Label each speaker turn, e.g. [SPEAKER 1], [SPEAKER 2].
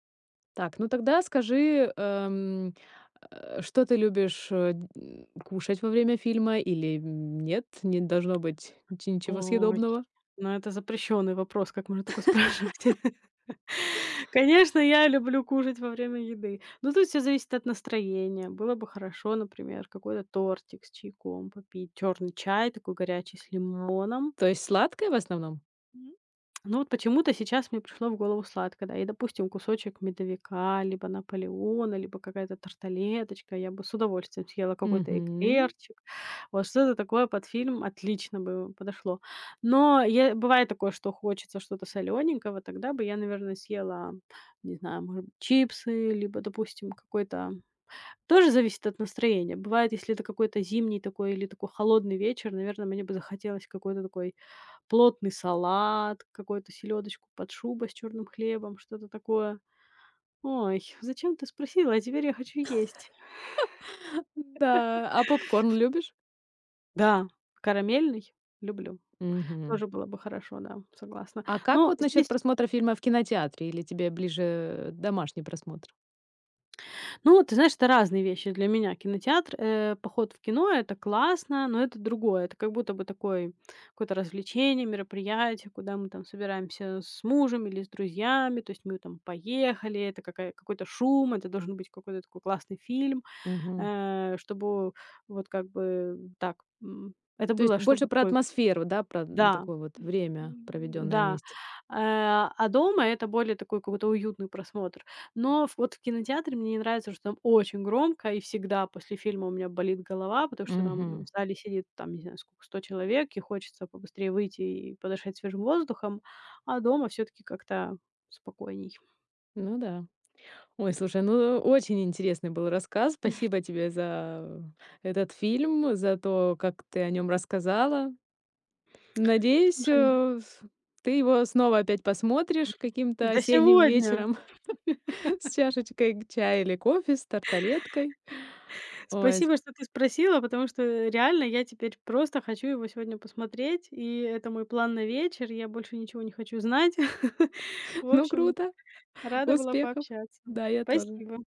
[SPEAKER 1] Так, ну тогда скажи, эм, э, что ты любишь, э, дь кушать во время фильма или, м, нет, не должно быть чи ничего
[SPEAKER 2] Ой,
[SPEAKER 1] съедобного?
[SPEAKER 2] ну это запрещённый вопрос. Как можно такое спрашивать? Конечно, я люблю кушать во время еды, но тут всё зависит от настроения. Было бы хорошо, например, какой-то тортик с чайком попить, чёрный чай такой горячий с лимоном.
[SPEAKER 1] То есть сладкое в основном?
[SPEAKER 2] М, но вот почему-то сейчас мне пришло в голову сладкое, да. И, допустим, кусочек "Медовика", либо "Наполеона", либо какая-то тарталеточка. Я бы с удовольствием съела какой-то
[SPEAKER 1] Мгм.
[SPEAKER 2] эклерчик. Вот что-то такое под фильм отлично бы подошло. Но я, бывает такое, что хочется что-то солёненького, тогда бы я, наверно, съела, не знаю, може б чипсы, либо, допустим, какой-то. Тоже зависит от настроения. Бывает, если это какой-то зимний такой или такой холодный вечер, наверно, мне бы захотелось какой-то такой плотный салат, какой-то "Селёдочку под шубой" с чёрным хлебом, что-то такое. Ой, зачем ты спросила? А теперь я хочу есть.
[SPEAKER 1] Н-да. А попкорн любишь?
[SPEAKER 2] Да, карамельный люблю.
[SPEAKER 1] Мгм.
[SPEAKER 2] Тоже было бы хорошо. Да, согласна.
[SPEAKER 1] А как
[SPEAKER 2] Но
[SPEAKER 1] вот насчёт
[SPEAKER 2] здесь
[SPEAKER 1] просмотра фильма в кинотеатре? Или тебе ближе, э, домашний просмотр?
[SPEAKER 2] Ну, ты знаешь, это разные вещи для меня. Кинотеатр, э, поход в кино- это классно, но это другое. Это как будто бы такой, какое-то развлечение, мероприятие, куда мы там собираемся с мужем или с друзьями, то есть мы там поехали, это какая какой-то шум, это должен быть какой-то такой классный фильм,
[SPEAKER 1] Мгм.
[SPEAKER 2] э, чтобы вот как бы так, м, это
[SPEAKER 1] То есть
[SPEAKER 2] было,
[SPEAKER 1] больше
[SPEAKER 2] чтобы
[SPEAKER 1] про
[SPEAKER 2] такой
[SPEAKER 1] атмосферу, да, про, м,
[SPEAKER 2] да,
[SPEAKER 1] такое вот
[SPEAKER 2] м,
[SPEAKER 1] время,
[SPEAKER 2] м,
[SPEAKER 1] проведённое
[SPEAKER 2] да.
[SPEAKER 1] вместе.
[SPEAKER 2] Э, а, дома это более такой какой-то уютный просмотр. Но вот в кинотеатре мне не нравится, что там очень громко и всегда после фильма у меня болит голова, потому что там в
[SPEAKER 1] Мгм.
[SPEAKER 2] зале сидит, там, не знаю, скока, 100 человек, и хочется побыстрее выйти и подышать свежим воздухом. А дома всё-таки как-то спокойней.
[SPEAKER 1] Ну да. Ой, слушай, ну очень интересный был рассказ. Спасибо тебе за этот фильм, за то, как ты о нём рассказала. Надеюсь,
[SPEAKER 2] Слушай.
[SPEAKER 1] э, ф ты его снова опять посмотришь каким-то
[SPEAKER 2] Да
[SPEAKER 1] осенним
[SPEAKER 2] сегодня.
[SPEAKER 1] вечером с чашечкой г чая или кофе, с тарталеткой. Ой, с
[SPEAKER 2] Спасибо, что ты спросила, потому что реально я теперь просто хочу его сегодня посмотреть, и это мой план на вечер, я больше ничего не хочу знать. В
[SPEAKER 1] Ну
[SPEAKER 2] общем,
[SPEAKER 1] круто.
[SPEAKER 2] рада была
[SPEAKER 1] Успехов.
[SPEAKER 2] пообщаться.
[SPEAKER 1] Да, я тоже.
[SPEAKER 2] Спасибо.